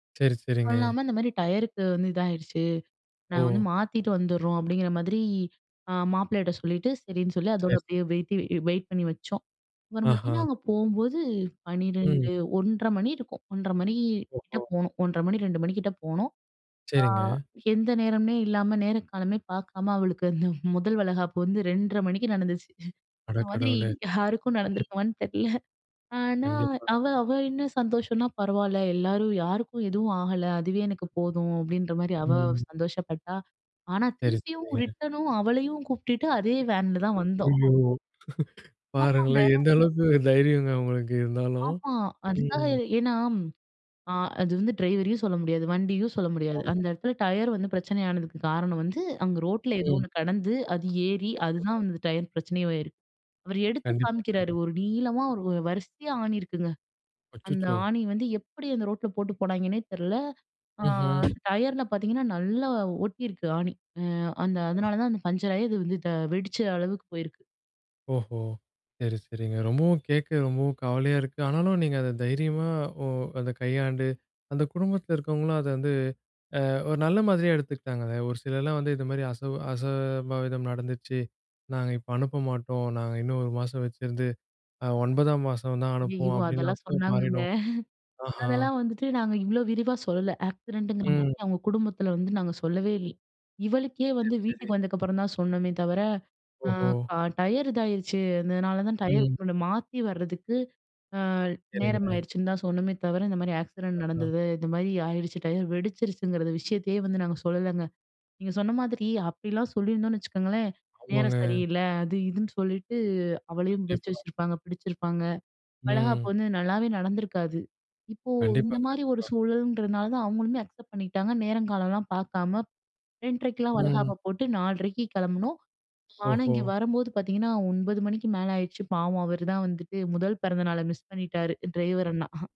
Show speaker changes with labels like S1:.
S1: சரி, சரிங்க.
S2: "அதுவும் இல்லாம, இந்த மாரி டயருக்கு வந்து இதாயிருச்சு. நாங்க
S1: ஓ!
S2: வந்து மாத்திட்டு வந்துர்றோம்." அப்படீங்கிற மாதிரி அ மாப்பிளைட்ட சொல்லிட்டு, சரின்னு சொல்லி அதோட
S1: சரி, சரி.
S2: அப்படியே வெயிட்டி வெயிட் பண்ணி வச்சோம். அப்பறம்
S1: ஆஹா.
S2: பாத்தீங்கன்னா அங்க போகும்போது
S1: ம்.
S2: 12:00, 1 :30 மணி இருக்கும். 1:30 மணி கிட்ட
S1: ஓஹோ.
S2: போனோம். 1:30 மணி 2:00 மணிக்கிட்ட போனோம். அ
S1: சரிங்க.
S2: எந்த நேரம்னே இல்லாம, நேரம் காலமே பார்க்காம அவளுக்கு அந்த மொதல் வளைகாப்பு வந்து 2:30 மணிக்கு நடந்துச்சு.
S1: அட
S2: இந்த மாதிரி
S1: கடவுளே!
S2: யாருக்கும் நடந்திருக்குமான்னு தெரில. ஆனா
S1: கண்டிப்பாங்க.
S2: அவ அவ என்ன சந்தோஷம்ன்னா, "பரவால்ல! எல்லாரும் யாருக்கும் எதுவும் ஆகல. அதுவே எனக்கு போதும்." அப்படீன்ற மாரி அவ
S1: ம்.
S2: சந்தோஷப்பட்டா. ஆனா
S1: சரி,
S2: திருப்பியும்
S1: சரிங்க.
S2: ரிட்டனும் அவளையும் கூப்ட்டுட்டு அதே வேன்ல தான் வந்தோம்.
S1: ஐயயோ!
S2: ஆமாங்க.
S1: பாருங்களேன் எந்த அளவுக்கு தைரியங்க உங்களுக்கு இருந்தாலும்.
S2: ஆமா. அதுக்காக,
S1: ம்.
S2: ஏன்னா அ அது வந்து ட்ரைவரையும் சொல்ல முடியாது. வண்டியும் சொல்ல முடியாது. அந்த
S1: ஆமா.
S2: இடத்துல டயர் வந்து பிரச்சனை ஆனதுக்கு காரணம் வந்து அங்க ரோட்டில ஏதோ
S1: ம்.
S2: ஒண்ணு கெடந்து, அது ஏறி அதுதான்
S1: கண்டிப்பா.
S2: வந்து டயர் பிரச்சனையும் ஆயிருக்கு. அவர் எடுத்து
S1: கண்டிப்பா.
S2: காமிக்கிறாரு.
S1: கண்டிப்
S2: ஒரு நீளமா ஒரு வரிசையா ஆணி இருக்குங்க. அந்த
S1: அச்சச்சோ!
S2: ஆணி வந்து எப்படி அந்த ரோட்ல போட்டு போனாங்கன்னே தெர்ல. ஆ
S1: ம்ஹ்ம்.
S2: அந்த டயர்ல பார்த்தீங்கன்னா, நல்லா ஒட்டியிருக்கு ஆணி. அ அந்த அதனால
S1: [unintelligible]
S2: தான் அந்த பங்சர் ஆயி அது வந்து த வெடிச்ச அளவுக்கு போயிருக்கு.
S1: ஓஹோ! சரி, சரிங்க. ரொம்பவும் கேட்க ரொம்பவும் கவலையா இருக்கு. ஆனாலும் நீங்க அத தைரியமா ஒ அத கையாண்டு அந்த குடும்பத்தில இருக்கவங்களும் அத வந்து அ ஒரு நல்ல மாதிரியா எடுத்துக்கிட்டாங்க. அத ஒரு சிலர்லாம் வந்து, "இத மாரி அசவு அசம்பாவிதம் நடந்துச்சு. நாங்க இப்ப அனுப்ப மாட்டோம். நாங்க இன்னும் 1 மாசம் வச்சுருந்து, அ 9ஆம் மாசம் தான்
S2: ஐயயோ!
S1: அனுப்புவோம்." அப்படீன்லாம்
S2: அதெல்லாம்
S1: கூட
S2: சொன்னாங்கங்க.
S1: மாறிடும். ஆஹ.
S2: அதெல்லாம் வந்துட்டு நாங்க இவ்வளோ விரிவா சொல்லல. ஆக்சிடென்ட்டுங்கிற
S1: ம்.
S2: மாதிரி அவங்க குடும்பத்தில வந்து நாங்க சொல்லவே இல் இவளுக்கே
S1: சரி,
S2: வந்து
S1: சரி.
S2: வீட்டுக்கு வந்ததுக்கப்புறம் தான் சொன்னோமே தவிர, அ
S1: ஓஹோ!
S2: ப டயர் இதாயிருச்சு. அதனால தான் டயர்
S1: ம்.
S2: மாத்தி வரதுக்கு அ
S1: சரிங்க.
S2: நேரமாயிடுச்சுன்னு தான் சொன்னோமே தவிர, இந்த மாரி ஆக்சிடென்ட்
S1: அஹா.
S2: நடந்தது, இந்த மாரி ஆடிடுச்சு டயர். வெடிச்சிருச்சுங்கிறது விஷயத்தையே வந்து நாங்க சொல்லலைங்க. நீங்க சொன்ன மாதிரி அப்படிலாம் சொல்லியிருந்தோம்ன்னு வச்சுக்கங்களேன்,
S1: ஆமாங்க.
S2: நேரம் சரியில்ல, அது இதுன்னு சொல்லிட்டு அவளையும் வச்சு
S1: கண்டிப்பா.
S2: வச்சிருப்பாங்க. பிடிச்சிருப்பாங்க. வளைகாப்பு
S1: ம்.
S2: வந்து நல்லாவே நடந்துருக்காது. இப்போ இந்த
S1: கண்டிப்பா,
S2: மாரி ஒரு
S1: கண்டிப்பா.
S2: சூழல்ன்றதுனால தான் அவங்களுமே அக்செப்ட் பண்ணிகிட்டாங்க. நேரங்காலம்லாம் பார்க்காம 2:30
S1: ம்.
S2: வளைகாப்ப போட்டு 4:30க்கு கெளம்புனோம். ஆனா
S1: ஓஹோ!
S2: இங்க வரும்போது பார்த்தீங்கன்னா, 9:00 மணிக்கு மேல ஆயிருச்சு. பாவம் அவர் தான் வந்துட்டு முதல் பிறந்த நாளை மிஸ் பண்ணிட்டாரு. டிரைவர் அண்ணா.